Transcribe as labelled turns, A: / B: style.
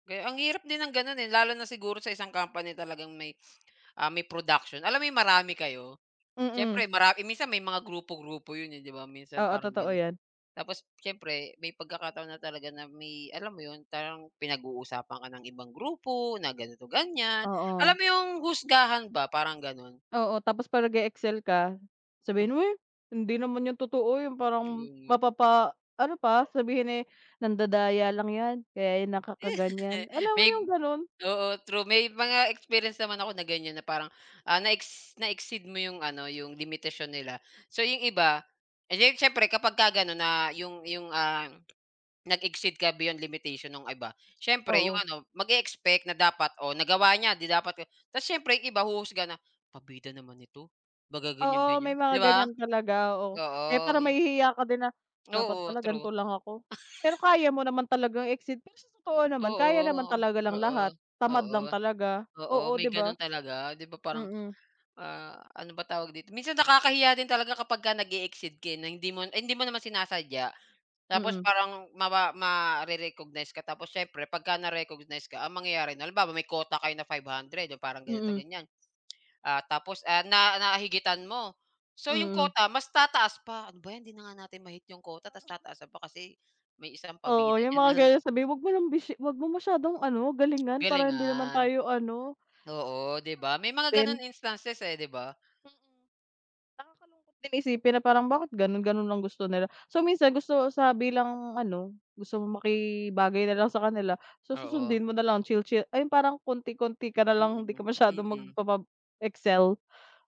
A: Ge ang hirap din ng ganun, eh. Lalo na siguro sa isang company talagang may, ah, may production. Alam mo 'yong marami kayo?
B: Mm.
A: Siyempre mara eh, minsan may mga grupo-grupo yun, eh, di ba? Minsan
B: Oo,
A: parang
B: totoo
A: ganon.
B: yan
A: Tapos, siyempre may pagkakataon na talaga na may alam mo yun parang pinag-uusapan ka ng ibang grupo na ganito, ganyan.
B: Oo.
A: Alam mo yung husgahan ba parang ganon.
B: Oo, tapos pag nag-e-excel ka,
A: Hmm.
B: sabihin mo, "Eh, hindi naman yun totoo." Yung parang
A: Mm.
B: mapapa ano pa sabihin eh, "Nandadaya lang yan, kaya yan nakakaganyan." Alam mo
A: May
B: yung ganun?
A: oo, true. May mga experience naman ako na ganyan na parang, ah, na-ex na-exceed mo yung ano, yung limitasyon nila. So, yung iba eh, di, siyempre kapagka ganon na yung yung, ah, nag-exceed ka beyond limitation nung iba. Siyempre, yung
B: Oo.
A: ano mag-e-expect na dapat o nagawa niya di dapat, oh tas siyempre 'yong iba huhusga na, "Pabida naman ito." Baga
B: Oo,
A: ganyan-ganyan,
B: may mga
A: di ba?
B: ganyan talaga, oo. Kaya
A: Oo,
B: parang
A: yi
B: mahihiya ka din na, "Dapat
A: Oo,
B: pala
A: true.
B: ganto lang ako." Pero kaya mo naman talagang exceed. Pero sa totoo naman kaya naman
A: Oo,
B: talaga
A: oo.
B: lang lahat,
A: Oo,
B: tamad lang
A: oo.
B: talaga.
A: Oo,
B: Oo,
A: may
B: di ba?
A: gano'n talaga, 'di ba, parang,
B: Mm.
A: ah, ano ba tawag dito? Minsan nakakahiya din talaga kapagka nag-e-exceed ka, eh, na hindi mo eh, hindi mo naman sinasadya. Tapos
B: Mm.
A: parang mawa mare-recognize ka tapos siyempre 'pagka na-recognize ka ang mangyayari nun halimbawa, may quota kayo na 500 'yong parang ganito,
B: Mm.
A: ganyan. Ah, tapos, ah, na na higitan mo. So, 'yong
B: Mm.
A: quota mas tataas pa. "Ano ba 'yan 'di na nga natin ma-hit 'yong quota tas
B: Oo.
A: tataasan pa kasi may isang
B: Oo,
A: pabida
B: yung
A: diyan
B: mga
A: na"
B: ganun sabihin, "Huwag mo ng bishi huwag mo masyadong ano, galingan. Para hindi naman
A: Galingan.
B: tayo ano."
A: Oo, di ba, may mga
B: Meron pang nakakaano din.
A: ganon instances, eh, di ba?
B: Mm. Nakakalungkot din isipin na parang bakit ganun? Ganun lang gusto nila. So, minsan gusto sa bilang ano, gusto mong makibagay na lang sa kanila. So,
A: Oo.
B: susundin mo na lang chill-chill ah, yung parang konti-konti ka na lang. Di
A: Mm,
B: ka masyadong
A: mm.
B: magppapab excel.